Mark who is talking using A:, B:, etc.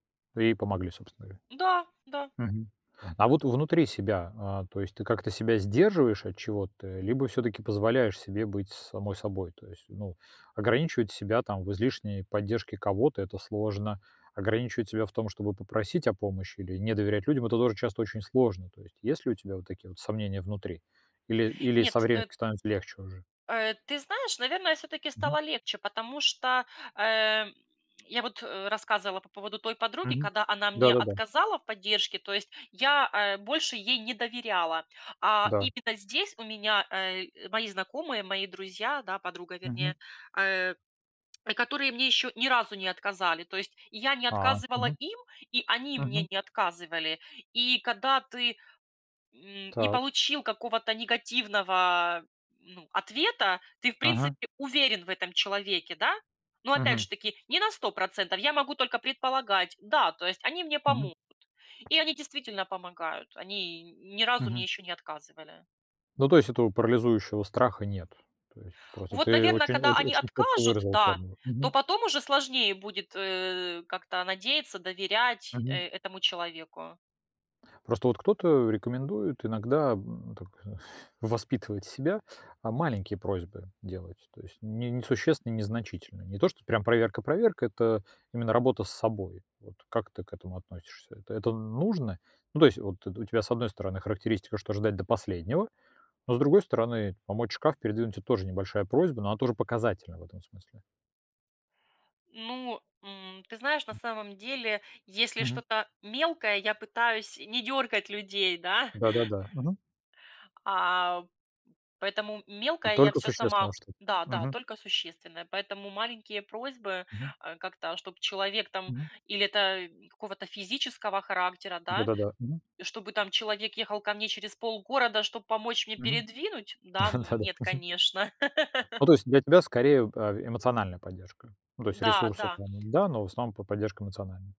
A: Да и помогли, собственно говоря.
B: Да, да.
A: Мгм. А вот внутри себя, а, то есть ты как-то себя сдерживаешь от чего-то либо всё-таки позволяешь себе быть самой собой? То есть, ну, ограничивать себя там в излишней поддержке кого-то- это сложно. Ограничивать себя в том, чтобы попросить о помощи или не доверять людям, это тоже часто очень сложно. То есть, есть ли у тебя вот такие вот сомнения внутри или или со
B: Нет,
A: временем
B: э
A: становится легче уже?
B: Э, ты знаешь, наверное, всё-таки
A: Мгм.
B: стало легче, потому что, э, я вот рассказывала по поводу той подруги,
A: Мгм.
B: когда она мне
A: Да-да-да.
B: отказала в поддержке. То есть я, э, больше ей не доверяла, а
A: Да.
B: именно здесь у меня, э, мои знакомые, мои друзья, да, подруга,
A: Мгм.
B: вернее, э, которые мне ещё ни разу не отказали. То есть, я не
A: А,
B: отказывала
A: мгм.
B: им, и они мне
A: Мгм.
B: не отказывали. И когда ты, м, не
A: Так.
B: получил какого-то негативного, ну, ответа, ты, в
A: Ага.
B: принципе, уверен в этом человеке, да. Но опять
A: Мгм.
B: же таки не на 100 %, я могу только предполагать. Да, то есть они мне
A: Мгм.
B: помогут. И они действительно помогают. Они ни разу мне
A: Мгм.
B: ещё не отказывали.
A: Ну, то есть этого парализующего страха нет. То есть просто
B: Вот,
A: ты
B: наверно,
A: очень
B: когда они
A: очень чётко
B: откажут,
A: выразила
B: да,
A: формулу.
B: то
A: Мгм.
B: потом уже сложнее будет, э, как-то надеяться, доверять
A: Мгм.
B: этому человеку.
A: Просто вот кто-то, э, рекомендует иногда, м, так воспитывать себя, а, маленькие просьбы делать, то есть не несущественные, незначительные. Не то, что прям проверка-проверка, это именно работа с собой. Вот как ты к этому относишься? Это это нужно? Ну, то есть вот это у тебя, с одной стороны, характеристика, что ждать до последнего, но с другой стороны, помочь шкаф передвинуть- это тоже небольшая просьба, но она тоже показательна в этом смысле.
B: Ну, м, ты знаешь, на самом деле, если
A: Мгм.
B: что-то мелкое, я пытаюсь не дёргать людей, да.
A: Да-да-да, мгм.
B: А, поэтому мелкое я
A: Только
B: всё
A: существенное
B: сама
A: что-то.
B: да-да,
A: Мгм.
B: только существенное, поэтому маленькие просьбы,
A: Мгм.
B: э, как-то чтоб человек там
A: Мгм.
B: или это какого-то физического характера, да,
A: Да-да-да, мгм.
B: чтобы там человек ехал ко мне через полгорода, чтобы помочь мне
A: Мгм.
B: передвинуть. Да, ну,
A: Да-да,
B: нет,
A: мгм.
B: конечно.
A: Ну, то есть для тебя, скорее, э эмоциональная поддержка, ну, то есть
B: Да,
A: ресурсы
B: да.
A: [unintelligible] да, но, в основном, по поддержка эмоциональная.